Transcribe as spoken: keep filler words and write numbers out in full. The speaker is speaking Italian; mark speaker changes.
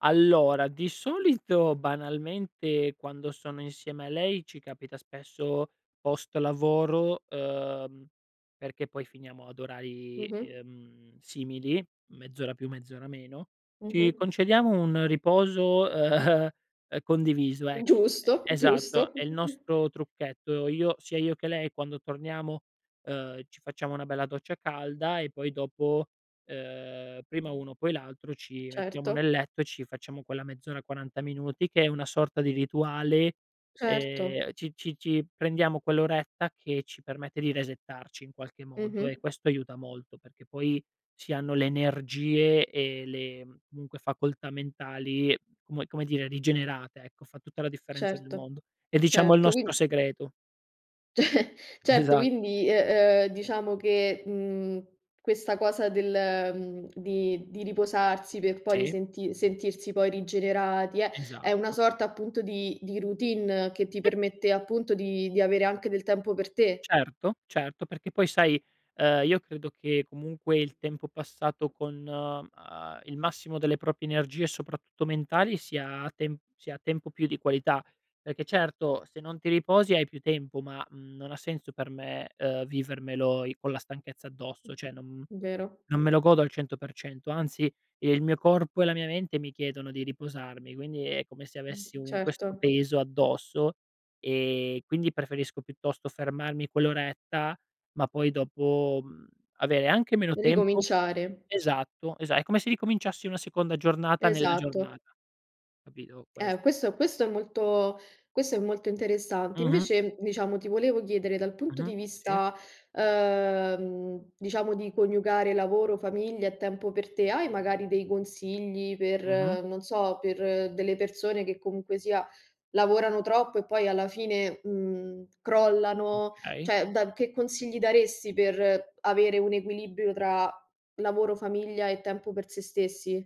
Speaker 1: Allora, di solito, banalmente, quando sono insieme a lei ci capita spesso post lavoro, ehm, perché poi finiamo ad orari,
Speaker 2: Mh-mh.
Speaker 1: ehm, simili, mezz'ora più mezz'ora meno, ci
Speaker 2: Mh-mh.
Speaker 1: concediamo un riposo, ehm, ehm, condiviso, ecco e
Speaker 2: Giusto,
Speaker 1: esatto,
Speaker 2: giusto.
Speaker 1: è il nostro trucchetto. Io sia io che lei, quando torniamo, ehm, ci facciamo una bella doccia calda e poi dopo, ehm, prima uno, poi l'altro, ci mettiamo nel
Speaker 2: Certo.
Speaker 1: letto e ci facciamo quella mezz'ora, quaranta minuti che è una sorta di rituale,
Speaker 2: Certo.
Speaker 1: ehm, ci ci ci prendiamo quell'oretta che ci permette di resettarci, in qualche modo, e
Speaker 2: Mh-mh.
Speaker 1: questo aiuta molto perché poi ci hanno le energie e le comunque, facoltà mentali, come come dire, rigenerate, ecco. Fa tutta la differenza del
Speaker 2: Certo,
Speaker 1: mondo. È, diciamo, il
Speaker 2: certo,
Speaker 1: nostro
Speaker 2: quin
Speaker 1: segreto.
Speaker 2: Certo,
Speaker 1: Esa
Speaker 2: quindi, e ehm, diciamo che, mhmm, questa cosa del, mhmm, di di riposarsi per poi
Speaker 1: Sì.
Speaker 2: risenti sentirsi poi rigenerati è è una
Speaker 1: Esatto.
Speaker 2: sorta, appunto, di di routine che ti permette, appunto, di di avere anche del tempo per te.
Speaker 1: Certo, certo. Perché poi, sai, ehm, io credo che, comunque, il tempo passato con, ehm, il massimo delle proprie energie, soprattutto mentali, sia tem sia tempo più di qualità, perché, certo, se non ti riposi, hai più tempo, ma, mhmm, non ha senso per me, ehm, vivermelo i con la stanchezza addosso, ceh non
Speaker 2: Vero.
Speaker 1: non me lo godo al cento per cento, anzi, il mio corpo e la mia mente mi chiedono di riposarmi, quindi è come se avessi un questo
Speaker 2: Certo.
Speaker 1: peso addosso, ehm, quindi, preferisco, piuttosto, fermarmi quell'oretta, ma poi, dopo, mhmm, avere anche meno tempo
Speaker 2: Ricominciare.
Speaker 1: esatto, esa è come se ricominciassi una seconda giornata nella
Speaker 2: Esatto.
Speaker 1: giornata, capito?
Speaker 2: Eh,
Speaker 1: Questo.
Speaker 2: questo questo è molto questo è molto interessante.
Speaker 1: Mh-mh.
Speaker 2: Invece, diciamo, ti volevo chiedere, dal punto
Speaker 1: Mh-mh.
Speaker 2: di
Speaker 1: Sì.
Speaker 2: vista, uhm, diciamo, di coniugare lavoro, famiglia e tempo per te, hai, magari, dei consigli
Speaker 1: Mh-mh.
Speaker 2: per, non so, per delle persone che, comunque sia, lavorano troppo e poi, alla fine, mhmm, crollano?
Speaker 1: Okay.
Speaker 2: ceh, da che consigli daresti per avere un equilibrio tra lavoro, famiglia e tempo per se stessi?